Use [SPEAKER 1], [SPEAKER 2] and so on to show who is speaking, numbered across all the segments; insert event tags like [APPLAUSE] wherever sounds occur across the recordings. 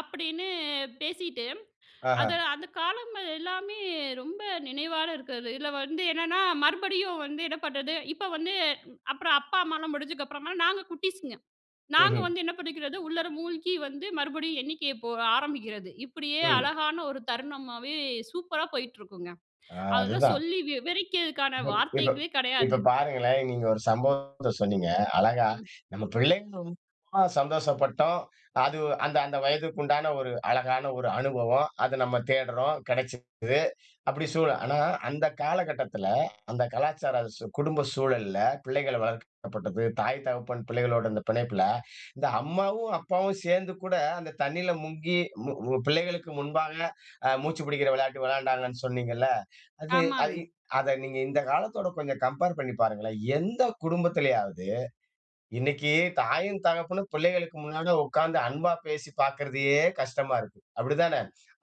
[SPEAKER 1] அப்படீன்னு பேசிட்டு, அத
[SPEAKER 2] ஆஹா.
[SPEAKER 1] அந்தக் காலங்கள் எல்லாமே ரொம்ப நினைவால இருக்குறது. இதுல வந்து என்னன்னா மறுபடியும் வந்து என்ன பண்றது? இப்ப வந்து அப்பறம் அப்பா, அம்மாலாம் முடிஞ்சக்கப்பறமா நாங்க குட்டிஸ்ங்க. நாங்க
[SPEAKER 2] ம்ஹ்ம்.
[SPEAKER 1] வந்து என்ன பண்ணிக்கிறது, உள்ளார மூழ்கி வந்து மறுபடியும் எண்ணிக்கைய போக ஆரம்பிக்கிறது. இப்படியே
[SPEAKER 2] ம்.
[SPEAKER 1] அழகான ஒரு தருணமாவே சூப்பரா போயிட்டு இருக்கும்ங்க.
[SPEAKER 2] அ அது
[SPEAKER 1] அதெல்லாம்
[SPEAKER 2] தான்.
[SPEAKER 1] சொல்லி விவரிக்கதுக்கான
[SPEAKER 2] இப்ப இப்ப
[SPEAKER 1] வார்த்தைகளே
[SPEAKER 2] இப்ப
[SPEAKER 1] கெடையாது.
[SPEAKER 2] பாருங்களேன். நீங்க ஒரு சம்பவத்த சொன்னீங்க, அழகா.
[SPEAKER 1] ம்.
[SPEAKER 2] நம்ம பிள்ளைங்க [UNINTELLIGIBLE] சந்தோஷப்பட்டோம். அது அந்த அந்த வயதுக்கு உண்டான ஒரு அழகான ஒரு அனுபவம். அத நம்ம தேடுறோம், கெடைச்சுருக்குது. அப்படி சொ ஆனா அந்தக் காலகட்டத்துல, அந்தக் கலாச்சார சூ குடும்ப சூழல்ல, பிள்ளைகள வளர்க்கப்பட்டது, தாய் தகப்பன் பிள்ளைகளோட இந்த பிணைப்புல, இந்த அம்மாவும் அப்பாவும் சேர்ந்து கூட அந்தத் தண்ணியில முங்கி, மு மு பிள்ளைகளுக்கு முன்பாக, அ மூச்சு புடிக்கிற விளையாட்டு விளையாண்டாங்கன்னு சொன்னீங்கல்ல, அது
[SPEAKER 1] ஆமாங்க.
[SPEAKER 2] அது அத நீங்க இந்தக் காலத்தோட கொஞ்ச கம்பேர் பண்ணி பாருங்களேன். எந்தக் குடும்பத்திலயாவது இன்னைக்கு தாயும் தகப்பனும் பிள்ளைகளுக்கு முன்னால உட்காந்து அன்பா பேசிப் பாக்குறதையே கஷ்டமா இருக்கு, அப்டிதான?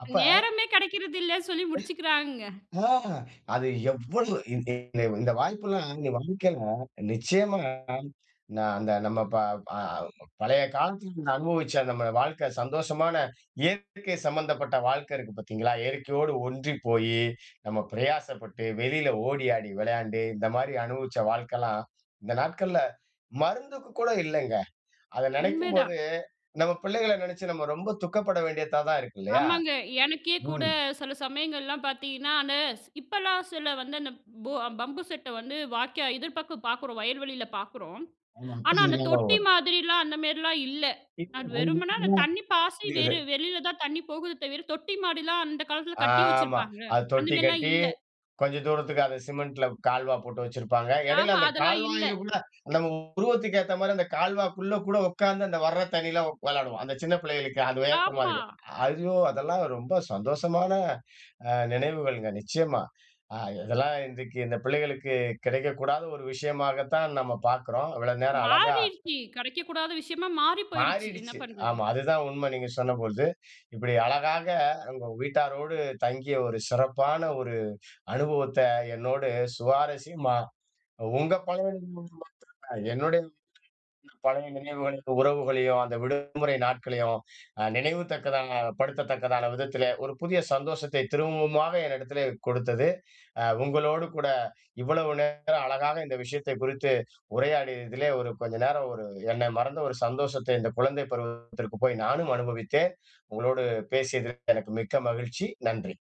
[SPEAKER 2] அப்ப
[SPEAKER 1] நேரமே கெடைக்கிறதில்ல சொல்லி முடிச்சுக்குறாங்க.
[SPEAKER 2] ஆ! அது எவ்வளவு இந்த இந்த இந்த வாய்ப்புல்லாம் இந்த வாழ்க்கையில நிச்சயமா நா அந்த நம்ம ப அ பழைய காலத்துல நம்ம அனுபவிச்ச நம்ம வாழ்க்கை சந்தோஷமான, இயற்கை சம்பந்தப்பட்ட வாழ்க்கை இருக்கு பாத்தீங்களா? இயற்கையோடு ஒன்றிப்போயி, நம்ம பிரயாசப்பட்டு, வெளியில ஓடி ஆடி விளையாண்டு, இந்த மாரி அனுபவிச்ச வாழ்க்கலாம், இந்த நாட்கள்ல மருந்துக்குக் கூட இல்லைங்க. அத
[SPEAKER 1] உண்மை தான்.
[SPEAKER 2] நெனைக்கும்போது, நம்ம பிள்ளைகள நெனைச்சு நாம ரொம்ப துக்கப்பட வேண்டியதா தான் இருக்கு இல்லையா?
[SPEAKER 1] ஆமாங்க. எனக்கே கூட
[SPEAKER 2] ம்.
[SPEAKER 1] சில சமயங்கள்லாம் பாத்தீங்கன்னா, அந்த ஸ் இப்பல்லாம் சிலர் வந்து, அந்த போ பம்பு செட்ட வந்து வாய்க்கா எதிர்பக்கம் பாக்குறோம், வயல்வெளியில பாக்குறோம்.
[SPEAKER 2] ம்.
[SPEAKER 1] ஆனா அந்தத் தொட்டி
[SPEAKER 2] [UNINTELLIGIBLE]
[SPEAKER 1] மாதிரில்லாம், அந்த மேரில்லாம் இல்ல. அது வெறுமன அந்த தண்ணி பாய்ச்சி வெறு
[SPEAKER 2] [UNINTELLIGIBLE]
[SPEAKER 1] வெளியில தான் தண்ணி போகுது தவிர, தொட்டி மாரில்லாம் அந்தக் காலத்துல கட்டி
[SPEAKER 2] ஆமா.
[SPEAKER 1] வச்சுருப்பாங்கல்ல.
[SPEAKER 2] அது
[SPEAKER 1] அந்த
[SPEAKER 2] தொட்டி
[SPEAKER 1] மேரில்லாம்
[SPEAKER 2] கட்டி,
[SPEAKER 1] இல்ல.
[SPEAKER 2] கொஞ்ச தூரத்துக்கு அத சிமெண்ட்ல கால்வா போட்டு வெச்சிருப்பாங்க.
[SPEAKER 1] அ
[SPEAKER 2] எடையில
[SPEAKER 1] ஆமா.
[SPEAKER 2] அந்தக்
[SPEAKER 1] அதெல்லாம் இல்ல.
[SPEAKER 2] கால்வாய்ல உள்ள நம்ம உருவத்துக்கு ஏத்த மாரி அந்தக் கால்வாக்குள்ள கூட உக்காந்து அந்த வர்ற தண்ணியில உக் வெளாடுவோம். அந்தச் சின்னப் பிள்ளைகளுக்கு அது வியர்த்தமா
[SPEAKER 1] ஆமா.
[SPEAKER 2] இருக்கு. ஐயோ அதெல்லாம் ரொம்ப சந்தோஷமான அ நினைவுகள்ங்க. நிச்சயமா. அ இதெல்லாம் இன்றைக்கு இந்த பிள்ளைகளுக்குக் கிடைக்கக் கூடாத ஒரு விஷயமாகத் தான் நம்ம பாக்குறோம். இவ்வளவு நேரம் அழகா அ.
[SPEAKER 1] மாறிருச்சு. கெடைக்கக் கூடாத விஷயமா மாறிப் போயிடுச்சு. என்ன
[SPEAKER 2] மாறிடுச்சு.
[SPEAKER 1] பண்றது?
[SPEAKER 2] ஆமா அது தான் உண்ம நீங்கச் சொன்னபொழுது. இப்படி அழகாக உங்க வீட்டாரோடு தங்கிய ஒரு சிறப்பான ஒரு அனுபவத்த, என்னோடு சுவாரசியமா, உங்க [UNINTELLIGIBLE] என்னுடைய [UNINTELLIGIBLE] பழைய நினைவுகள், உறவுகளையும், அந்த விடுமுறை நாட்களையும் அ நினைவு தக்கதாக படுத்தத்தக்கதான விதத்திலே ஒரு புதிய சந்தோசத்தை திரும்பவுமாக என்னிடத்திலே கொடுத்தது, அ உங்களோடு கூட இவ்வளவு நேரம் அழகாக இந்த விஷயத்தைக் குறித்து உரையாடியதிலே, ஒரு கொஞ்ச நேரம் ஒரு என்னை மறந்த ஒரு சந்தோசத்தை இந்தக் குழந்தைப் பருவத்திற்கு போய் நானும் அனுபவித்தேன். உங்களோடு பேசியதற்கு எனக்கு மிக்க மகிழ்ச்சி. நன்றி.